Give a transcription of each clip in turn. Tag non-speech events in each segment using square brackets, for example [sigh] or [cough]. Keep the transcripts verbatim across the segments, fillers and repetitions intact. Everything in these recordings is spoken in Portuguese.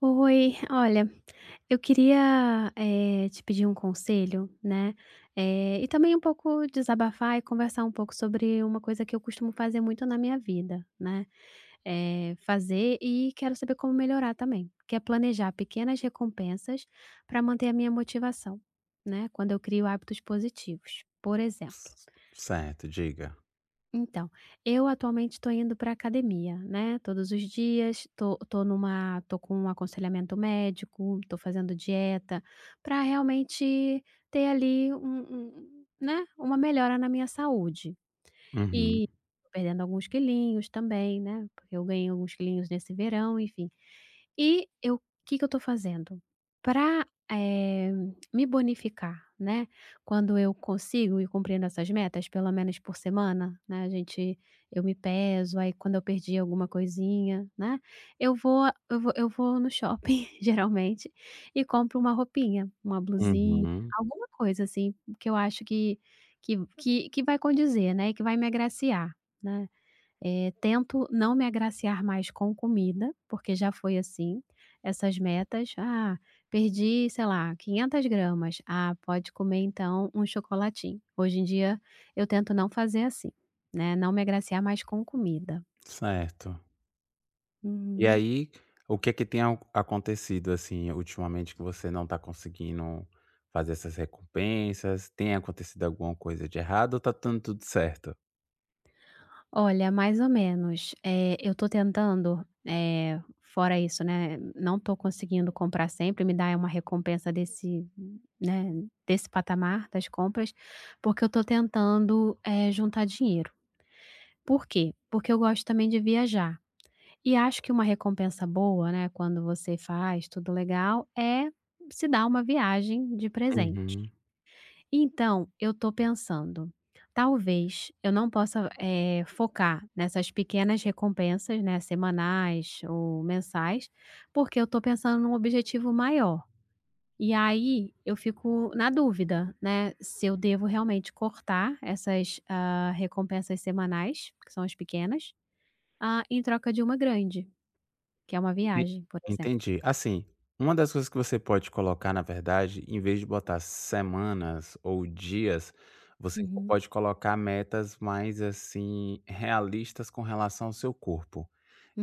Oi, olha, eu queria, eh, te pedir um conselho, né, eh, e também um pouco desabafar e conversar um pouco sobre uma coisa que eu costumo fazer muito na minha vida, né, eh, fazer, e quero saber como melhorar também, que é planejar pequenas recompensas para manter a minha motivação, né, quando eu crio hábitos positivos, por exemplo. Certo, diga. Então eu atualmente estou indo pra academia, né, todos os dias, estou estou numa estou com um aconselhamento médico, estou fazendo dieta, para realmente ter ali um um, né, uma melhora na minha saúde Uhum. e perdendo alguns quilinhos também, né, porque eu ganhei alguns quilinhos nesse verão, enfim. E, eu que que eu estou fazendo para, eh, me bonificar, né, quando eu consigo ir cumprindo essas metas, pelo menos por semana, né, a gente eu me peso, aí quando eu perdi alguma coisinha, né, eu vou eu vou eu vou no shopping [chuckles] geralmente e compro uma roupinha, uma blusinha, Uhum. alguma coisa assim que eu acho que que que que vai condizer, né, e que vai me agraciar, né. Eh, tento não me agraciar mais com comida, porque já foi assim, essas metas: "Ah, perdi sei lá quinhentas gramas, ah, pode comer, então, um chocolatinho." Hoje em dia eu tento não fazer assim, né, não me agraciar mais com comida. Certo. E Uhum. aí? O que que tem a acontecido, assim, ultimamente, que você não está conseguindo fazer essas recompensas? Tem acontecido alguma coisa de errado? Ou está dando tudo certo? Olha, mais ou menos. Eh, eu estou tentando, eh, fora isso, né. Não estou conseguindo comprar sempre, e me dar uma recompensa desse, né, desse patamar, das compras. Porque eu estou tentando, eh, juntar dinheiro. Por quê? Porque eu gosto também de viajar. E acho que uma recompensa boa, né, quando você faz tudo legal, é se dar uma viagem de presente. Uhum. Então, eu estou pensando, talvez eu não possa, eh, focar nessas pequenas recompensas, né, semanais ou mensais. Porque eu estou pensando num objetivo maior. E aí, eu fico na dúvida, né, se eu devo realmente cortar essas, ah, recompensas semanais que são as pequenas. Ah, em troca de uma grande. Que é uma E viagem, por exemplo. Entendi. Assim, uma das coisas que você pode colocar, na verdade, em vez de botar semanas ou dias, você Uhum. pode colocar metas mais, assim, realistas com relação ao seu corpo.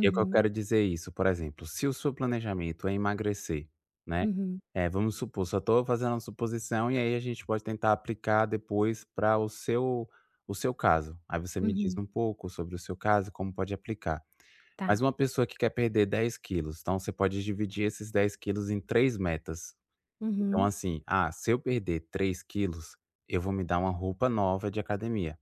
E o que eu quero dizer isso? Por exemplo, se o seu planejamento é emagrecer, né. Uhum. É, vamos supor só estou fazendo a suposição e aí, a gente pode tentar aplicar depois para o seu o seu caso. Aí você me diz Uhum. um pouco sobre o seu caso e como pode aplicar. Mas Tá. uma pessoa que quer perder dez quilos. Então, você pode dividir esses dez quilos em três metas. Então, Uhum. assim: "Ah, se eu perder três quilos, eu vou me dar uma roupa nova de academia.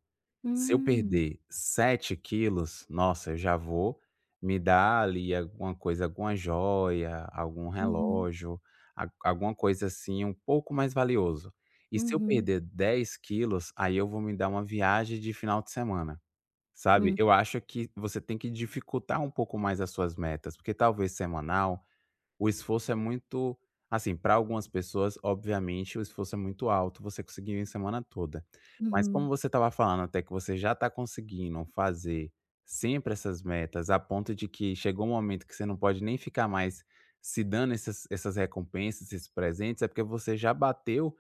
Se eu Hum. perder sete quilos, nossa, eu já vou me dar ali alguma coisa alguma joia, algum Uhum. relógio. A alguma coisa, assim, um pouco mais valioso. E se eu Uhum. perder dez quilos, aí, eu vou me dar uma viagem de final de semana", sabe. Hum. Eu acho que você tem que dificultar um pouco mais as suas metas, porque talvez semanal, o esforço é muito assim pra algumas pessoas, obviamente, o esforço muito alto, você conseguiria em semana toda. Mas como Uhum. você estava falando até que você já está conseguindo fazer sempre essas metas. A ponto de que chegou um momento que você não pode nem ficar mais se dando essas essas recompensas, esses presentes. É porque você já bateu,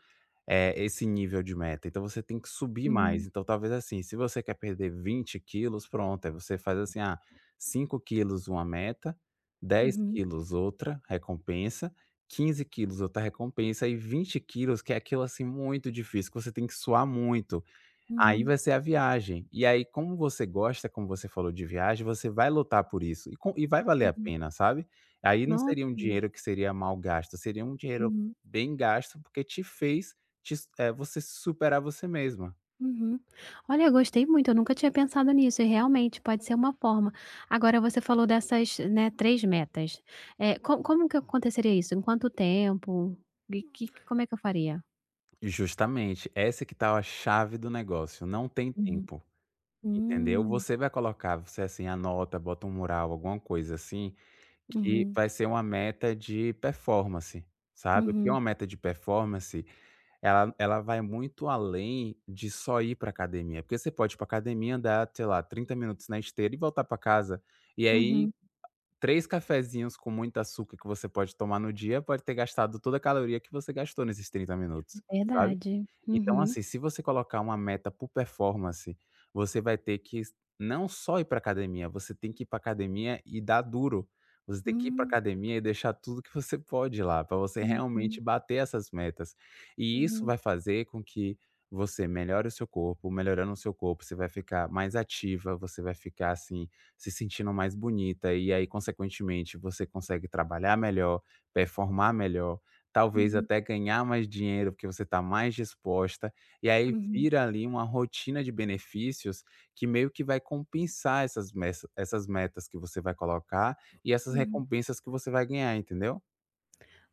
eh, esse nível de meta. Então, você tem que subir mais. Uhum. Então, talvez assim, se você quer perder vinte quilos, pronto, aí você faz assim: "Ah, cinco quilos, uma meta. dez Uhum. quilos, outra recompensa. quinze quilos outra recompensa e vinte quilos que é aquilo, assim, muito difícil que você tem que suar muito. Aí, Uhum. vai ser a viagem". E aí, como você gosta, como você falou, de viagem, você vai lutar por isso e com e vai valer a Uhum. pena, sabe. Aí, não seria um Nossa. dinheiro que seria mal gasto. Seria um dinheiro Uhum. bem gasto. Porque te fez te s eh, você se superar a você mesma. Uhum. Olha eu gostei muito. Eu nunca tinha pensado nisso e realmente pode ser uma forma. Agora você falou dessas, né, três metas. Eh, co como que aconteceria isso? Em quanto tempo? E que que como é que eu faria? E justamente essa que tal a chave do negócio, não tem Uhum, tempo Entendeu Hum. Você vai colocar você assim anota, bota um mural, alguma coisa, assim, que Uhum. vai ser uma meta de performance Sabe, porque Uhum. uma meta de performance, ela ela vai muito além de só ir para academia, porque você pode ir para academia andar sei lá, trinta minutos na esteira e voltar para casa, e aí Uhum. três cafezinhos com muito açúcar que você pode tomar no dia pode ter gastado toda a caloria que você gastou nesses trinta minutos, sabe? Verdade. Então Uhum. assim, se você colocar uma meta por performance, você vai ter que s não só ir para academia, você tem que ir para academia e dar duro. Você ter que ir pra Hum. academia e deixar tudo que você pode lá, para você Uhum. realmente bater essas metas. E isso Uhum. vai fazer com que você melhore o seu corpo, melhorando o seu corpo você vai ficar mais ativa, você vai ficar, assim, se sentindo mais bonita e aí, consequentemente, você consegue trabalhar melhor, performar melhor, talvez Uhum. até ganhar mais dinheiro, porque você está mais disposta E aí Uhum. vira ali uma rotina de benefícios que meio que vai compensar essas mesa essas metas que você vai colocar e essas Hum. recompensas que você vai ganhar, entendeu?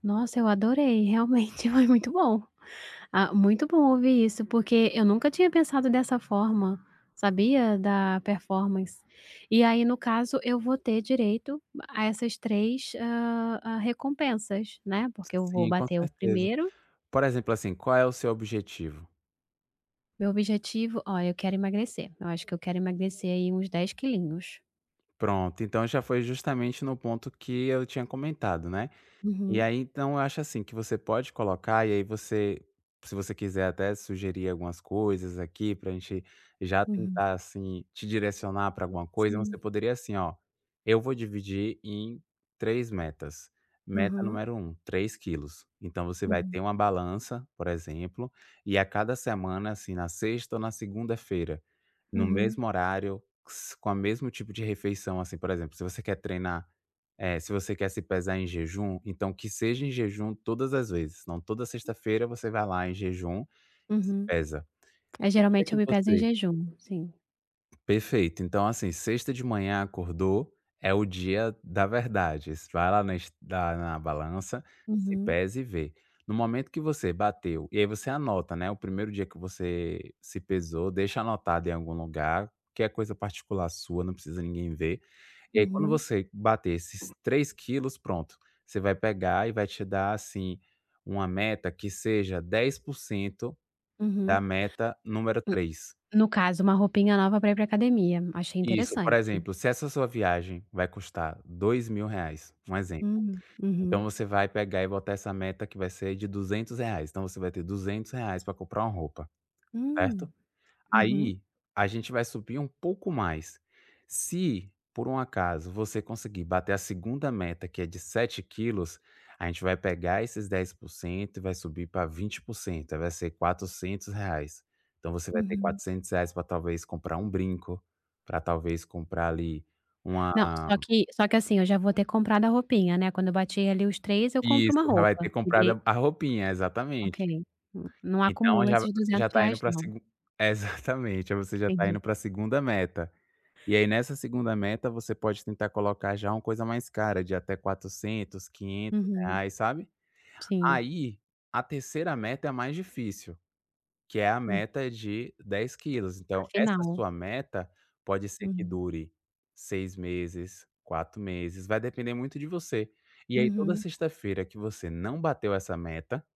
Nossa, eu adorei. Realmente foi muito bom. Ah, muito bom ouvir isso, porque eu nunca tinha pensado dessa forma, sabia, da performance. E aí, no caso eu vou ter direito a essas três hã, a recompensas, né. Porque eu vou Sim. Com bater o certeza. primeiro Por exemplo, assim, qual é o seu objetivo? Meu objetivo ó eu quero emagrecer. Eu acho que eu quero emagrecer aí, uns dez quilinhos. Pronto. Então já foi justamente no ponto que eu tinha comentado, né. E Uhum. aí então, eu acho assim, que você pode colocar, e aí você se você quiser até sugerir algumas coisas aqui, pra gente já Uhum. tentar assim, te direcionar pra alguma coisa. Você Sim. poderia, assim, ó. Eu vou dividir em três metas. Meta Uhum. número um, três quilos. Então você vai Uhum. ter uma balança, por exemplo. E a cada semana, assim, na sexta ou na segunda-feira, no Uhum. mesmo horário. Q s com a mesmo tipo de refeição, assim. Por exemplo, se você quer treinar eh, se você quer se pesar em jejum, então que seja em jejum todas as vezes. Então, toda sexta-feira você vai lá em jejum e se Uhum. pesa. É, No dia geralmente que eu me peso em você jejum. Sim. Perfeito. Então, assim, sexta de manhã, acordou. É o dia da verdade. Es vai lá na es da na balança, se Uhum. pesa e vê. No momento que você bateu e aí você anota, né, o primeiro dia que você se pesou. Deixa anotado em algum lugar, que é coisa particular sua, não precisa de ninguém ver. E aí, quando Uhum. você bater esses três quilos, pronto. Você vai pegar e vai te dar, assim, uma meta que seja dez por cento da Uhum. meta número Hum. três. No caso, uma roupinha nova pra ir para a academia. Achei Isso. Por interessante. exemplo, se essa sua viagem vai custar dois mil reais um exemplo. Hum. Então, Uhum. você vai pegar e bater essa meta que vai ser de duzentos reais. Então você vai ter duzentos reais pra comprar uma roupa. Certo? Hum. Uhum. Aí, a gente vai subir um pouco mais. Se, por um acaso, você conseguir bater a segunda meta que é de sete quilos, a gente vai pegar esses dez por cento e vai subir pra vinte por cento. Aí, vai ser quatrocentos reais. Então você vai ter Uhum. quatrocentos reais, pra talvez comprar um brinco, pra talvez comprar ali uma Não. Só que só que assim, eu já vou ter comprado a roupinha, né? Quando eu bati ali os três, eu compro Isso. uma Já vai roupa. ter Me comprado dei a a roupinha. Exatamente. Ok. Não não Então, acumula já v esses você duzentos já tá indo reais, para a não. segun exatamente. Aí, você já tá Entendi. indo para a segunda meta. E aí nessa segunda meta, você pode tentar colocar já uma coisa mais cara de até quatrocentos, quinhentos Uhum. reais, sabe. Sim. Aí, a terceira meta é mais difícil. Que é a Hum. meta de dez quilos. Então, essa Afinal. sua meta pode ser que Uhum. dure seis meses, quatro meses. Vai depender muito de você E aí, toda Uhum. sexta-feira que você não bateu essa meta,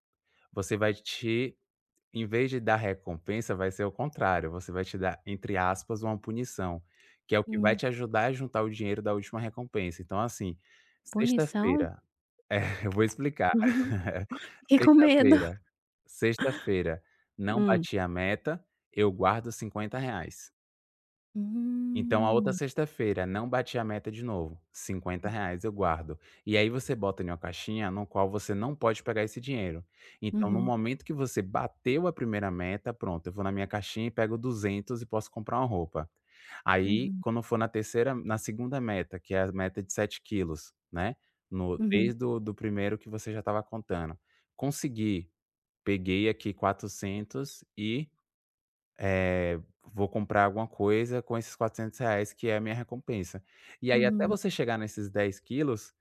você vai te em vez de dar recompensa, vai ser o contrário. Você vai te dar entre aspas, uma punição. Que é o que vai Hum. te ajudar a juntar o dinheiro da última recompensa. Então, assim, Punição? sexta-feira é eu vou explicar. [chuckles] [chuckles] Fiquei com medo [chuckles] Sexta-feira, sexta feira, não Hum. bati a meta. Eu guardo cinquenta reais. Então a outra Hum. sexta feira não bati a meta de novo cinquenta reais eu guardo. E aí você bota em uma caixinha no qual você não pode pegar esse dinheiro. Então no Uhum. momento que você bateu a primeira meta, pronto, eu vou na minha caixinha e pego duzentos e posso comprar uma roupa. Aí Uhum. quando for na terceira na segunda meta que é a meta de sete quilos, né, no Uhum. mês do do primeiro que você já estava contando, consegui. Peguei aqui quatrocentos e, eh, vou comprar alguma coisa com esses quatrocentos reais que é a minha recompensa. E aí até Uhum. você chegar nesses dez quilos,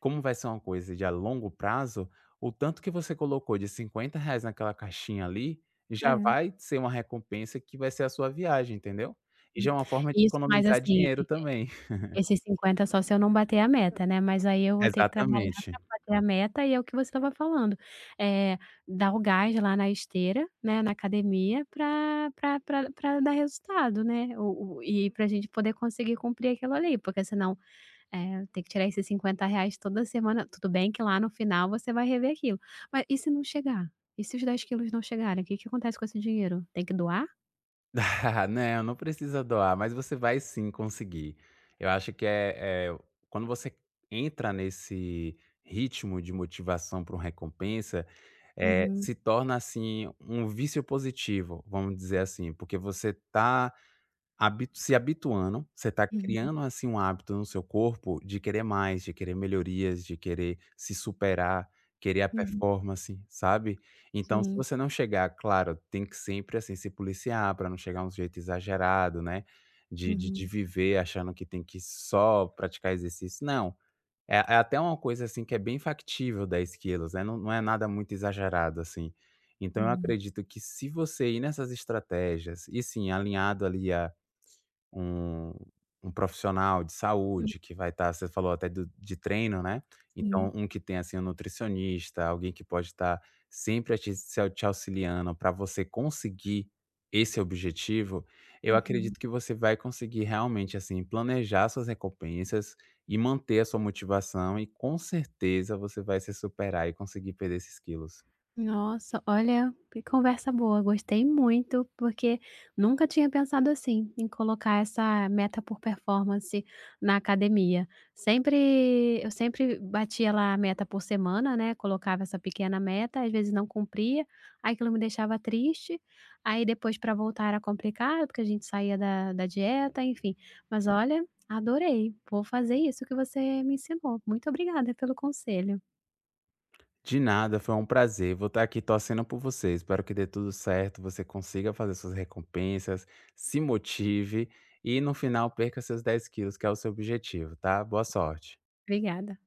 como vai ser uma coisa de a longo prazo o tanto que você colocou de cinquenta reais naquela caixinha ali, já É. vai ser uma recompensa que vai ser a sua viagem entendeu? E Hum, já é uma forma de isso mas economizar assim dinheiro e também. e [laughs] esses cinquenta só se eu não bater a meta, né, mas aí eu vou ter que trabalhar Exatamente. para bater a meta e é o que você estava falando, eh, dar o gás lá na esteira, né, na academia para para para para dar resultado, né, o o e para gente poder conseguir cumprir aquilo, ali porque senão, eh, tem que tirar esses cinquenta reais toda semana tudo bem que lá no final você vai rever aquilo, mas e se não chegar? E se os dez quilos não chegarem. O que que acontece com esse dinheiro? Tem que doar? [chuckles] Não, não precisa doar, mas você vai sim, conseguir. Eu acho que, eh eh ,quando você entra nesse ritmo de motivação para uma recompensa, eh, Uhum. se torna assim, um vício positivo, vamos dizer assim, porque você está habi se habituando, você está Uhum. criando assim um hábito no seu corpo de querer mais, de querer melhorias de querer se superar, querer a Uhum. performance, sabe? Então se Sim. você não chegar, claro, tem que sempre, assim, se policiar para não chegar um jeito exagerado, né, de de de Uhum. viver achando que tem que só praticar exercício não, é é até uma coisa assim que é bem factível dez quilos, né, não não é nada muito exagerado assim. Então eu Hum. acredito que se você ir nessas estratégias, e sim, alinhado ali a um, um profissional de Hum. saúde, que vai estar você falou até do de treino, né. Então Sim. um que tem assim um nutricionista, alguém que pode estar sempre te s te auxiliando pra você conseguir esse objetivo, eu Uhum. acredito que você vai conseguir realmente assim planejar suas recompensas e manter a sua motivação e com certeza você vai se superar e conseguir perder esses quilos. Nossa. Olha, que conversa boa, gostei muito porque nunca tinha pensado assim, em colocar essa meta por performance na academia. Sempre eu sempre batia lá a meta por semana, né, colocava essa pequena meta, às vezes não cumpria. Aí aquilo me deixava triste, aí depois para voltar era complicado, porque a gente saía da da dieta, enfim. Mas olha, adorei. Vou fazer isso que você me ensinou. Muito obrigada pelo conselho. De nada, foi um prazer, vou estar aqui torcendo por você. Espero que dê tudo certo, você consiga fazer suas recompensas, se motive, e no final perca seus dez quilos que é o seu objetivo, tá. Boa sorte Obrigada.